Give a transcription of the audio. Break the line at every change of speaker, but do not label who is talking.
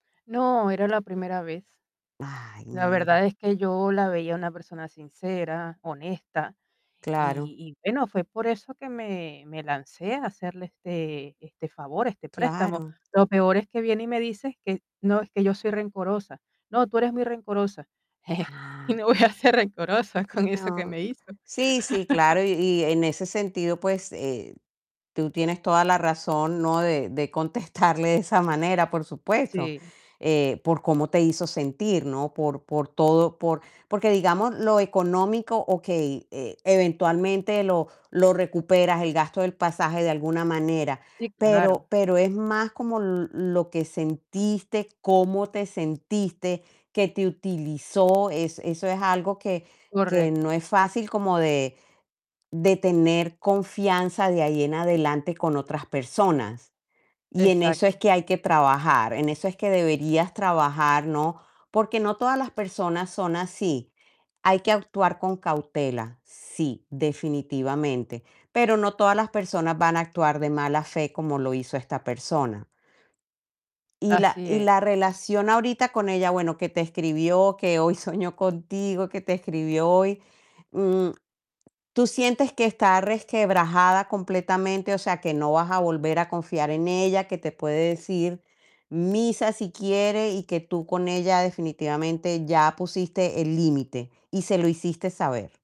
No, era la primera vez.
Ay,
La
mira.
verdad es que yo la veía una persona sincera, honesta
Claro.
y y bueno, fue por eso que me me lancé a hacerle este este favor, este préstamo.
Claro.
Lo peor es que viene y me dice que no, es que yo soy rencorosa: "No, tú eres muy rencorosa". Y
Ah
me voy a ser rencorosa con eso que
No
me hizo.
Sí, sí, claro. Y y en ese sentido, pues, eh, tú tienes toda la razón, ¿no? De de contestarle de esa manera, por supuesto.
Sí.
Eh, por cómo te hizo sentir, ¿no? Por por todo, por porque digamos lo económico, okey, e-eventualmente lo lo recuperas, el gasto del pasaje de alguna manera,
Sí, claro.
pero pero es más como l-lo que sentiste, cómo te sentiste, que te utilizó. Es eso es algo que que no
Correcto.
es fácil como de de tener confianza de ahí en adelante con otras personas. Y en eso es
Exacto.
que hay que trabajar, en eso es que deberías trabajar, ¿no? Porque no todas las personas son así. Hay que actuar con cautela, sí, definitivamente, pero no todas las personas van a actuar de mala fe como lo hizo esta persona. Y la
Así
y la
es.
relación ahorita con ella, bueno, que te escribió, que hoy soñó contigo, que te escribió hoy, mm, ¿tú sientes que está resquebrajada completamente? O sea, que no vas a volver a confiar en ella, que te puede decir misa si quiere y que tú con ella definitivamente ya pusiste el límite y se lo hiciste saber.